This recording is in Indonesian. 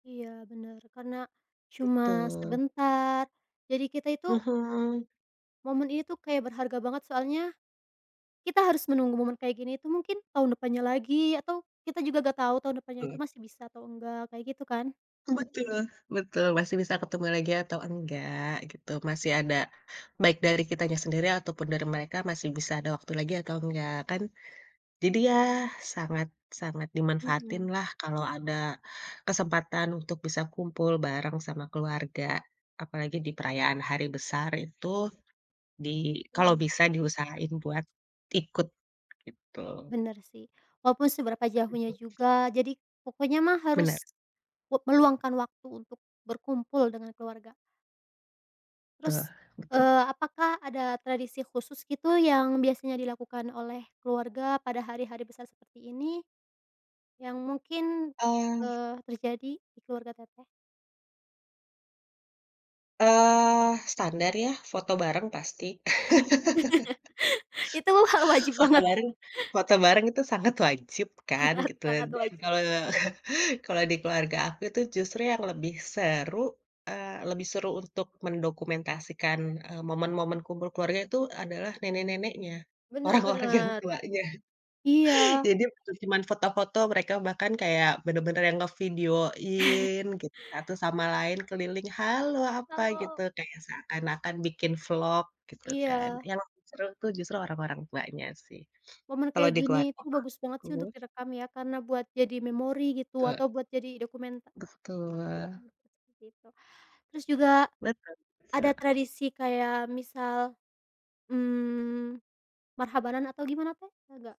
Iya bener, karena, cuma Betul. sebentar. Jadi kita itu Hmm. Momen ini tuh kayak berharga banget, soalnya, kita harus menunggu momen kayak gini itu mungkin tahun depannya lagi atau kita juga enggak tahu tahun depannya itu Mmm. masih bisa atau enggak, kayak gitu kan. Betul betul, masih bisa ketemu lagi atau enggak, gitu. Masih ada, baik dari kitanya sendiri ataupun dari mereka, masih bisa ada waktu lagi atau enggak kan. Jadi ya sangat sangat Mhm. dimanfaatinlah kalau ada kesempatan untuk bisa kumpul bareng sama keluarga. Apalagi di perayaan hari besar itu di kalau Mhm. bisa diusahain buat ikut, gitu. Bener sih. Walaupun seberapa jauhnya Iya. juga. Jadi pokoknya mah Benar. harus, wek meluangkan waktu untuk berkumpul dengan keluarga. Betul Terus, betu eee, apakah ada tradisi khusus gitu yang biasanya dilakukan oleh keluarga pada hari-hari besar seperti ini, yang mungkin, Ah. eee, terjadi di keluarga Teteh? Eee, standar ya foto bareng pasti. Itu hal wajib Foto banget. bareng foto bareng itu sangat wajib kan, Sangat gitu. sangat Dan wajib. kalau kalau di keluarga aku itu justru yang lebih seru, eee, lebih seru untuk mendokumentasikan, eee, momen-momen kumpul keluarga itu adalah nenek-neneknya, Bener orang-orang yang bener. tuanya. Iya. Jadi bukan cuman foto-foto, mereka bahkan kayak bener-bener yang ngevideoin gitu, satu sama lain keliling, "Halo, apa," gitu. Kalau Kayak seakan-akan bikin vlog gitu kan. Iya. Yang seru tuh justru orang-orang tuanya sih Momen kalau kayak di gini keluarga itu bagus banget sih untuk aku. direkam ya, karena buat jadi memori gitu Pe atau buat jadi dokumenter Betul. dokumenter seperti itu. Terus juga, Betul ada betul. tradisi kayak misal, mmm, Marhabanan atau gimana, Teh? Ada enggak?